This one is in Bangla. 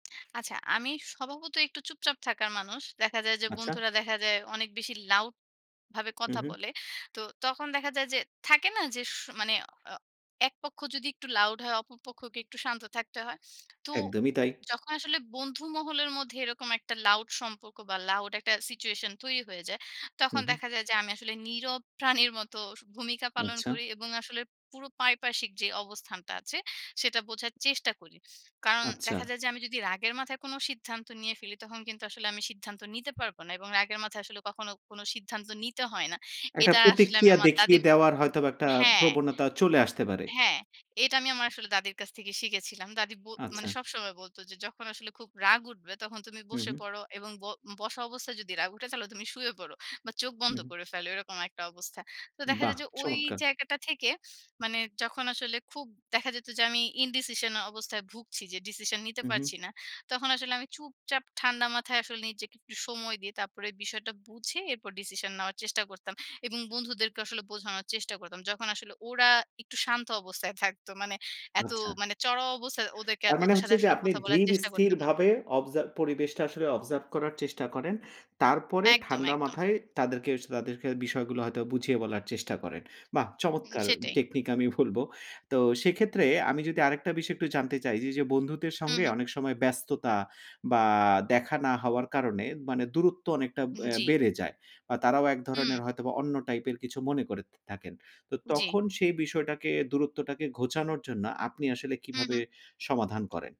আচ্ছা, আমি স্বভাবতই একটু চুপচাপ থাকার মানুষ। দেখা যায় যে, আচ্ছা। বন্ধুরা দেখা যায় অনেক বেশি লাউড ভাবে হুম, কথা হু। বলে। তো তখন দেখা যায় যে, থাকে না? যে স মানে অ এক পক্ষ যদি একটু লাউড হয়, অপর পক্ষকে একটু শান্ত থাকতে হয়। তো একদমই তাই। যখন আসলে বন্ধু মহলের মধ্যে এরকম একটা লাউড সম্পর্ক, বা লাউড একটা সিচুয়েশন তৈরি হয়ে যায়। তখন হুম, হু। দেখা যায়, যে আমি আসলে নীরব প্রাণীর মতো স ভূমিকা পালন আচ্ছা। করি, এবং আসলে পুরো পারিপার্শিক যে অবস্থানটা আছে সেটা বোঝার চেষ্টা করি। কারণ আচ্ছা। দেখা যায়, যে আমি যদি রাগের মাথায় কোনো সিদ্ধান্ত নিয়ে ফেলি, তখন কিন্তু আসলে আমি সিদ্ধান্ত নিতে পারব না, এবং রাগের মাথায় আসলে কখনো কোনো সিদ্ধান্ত নিতে হয় না। একটা এটা আসলে আমি প্রতিক্রিয়া আমার দেখিয়ে দাদীর দেওয়ার হয়তোবা একটা হ্যাঁ প্রবণতা চলে আসতে পারে। হ্যাঁ, এটা আমি আমার আসলে দাদীর কাছ থেকে শিখেছিলাম। দাদী ব মানে আচ্ছা। সবসময় বলত যে, "যখন আসলে খুব রাগ উঠবে তখন তুমি হুম, বসে হু। পড়ো, এবং ব বসা অবস্থায় যদি রাগ উঠে তাহলে তুমি শুয়ে পড়ো। বা চোখ হু, বন্ধ হুম। করে ফেলো।" এরকম একটা অবস্থা। তো দেখা বাহ! যায়, যে ওই চমৎকার। জায়গাটা থেকে মানে যখন আসলে খুব দেখা যেত, যে আমি ইনডিসিশন অবস্থায় ভুগছি যে ডিসিশন নিতে হুম, হু। পারছি না। তখন আসলে আমি চুপচাপ ঠান্ডা মাথায় আসলে নিজেকে একটু সময় দিয়ে তারপরে বিষয়টা বুঝে, এরপর ডিসিশন নেওয়ার চেষ্টা করতাম। এবং বন্ধুদেরকে আসলে বোঝানোর চেষ্টা করতাম। যখন আসলে ওরা একটু শান্ত অবস্থায় থাকতো। মানে এত আচ্ছা। মানে চড়াও অবস্থায়, ওদেরকে তার মানে ওদের সাথে হচ্ছে, যে আসলে আপনি কথা বলার ধীর চেষ্টা করতাম না। স্থিরভাবে অবজার্ভ পরিবেশটা আসলে অবজার্ভ করার চেষ্টা করেন। তারপরে একদম, ঠান্ডা একদম। মাথায় তাদেরকে স তাদেরকে বিষয়গুলো হয়তো বুঝিয়ে বলার চেষ্টা করেন। বাহ উম চমৎকার! সেটাই। টেকনিক আমি বলব। তো সেক্ষেত্রে আমি যদি আরেকটা বিষয় একটু জানতে চাই যে, যে বন্ধুদের হুম, সঙ্গে হু। অনেক সময় ব্যস্ততা, বা দেখা না হওয়ার কারণে মানে দূরত্ব অনেকটা উম অ্যা জ্বি। বেড়ে যায়। বা তারাও এক হুম। ধরনের হয়তোবা অন্য টাইপের কিছু মনে করে থা থাকেন। তো জ্বী। তখন সেই বিষয়টাকে দূরত্বটাকে ঘোচানোর জন্য আপনি আসলে হুম, কিভাবে হু। সমাধান করেন?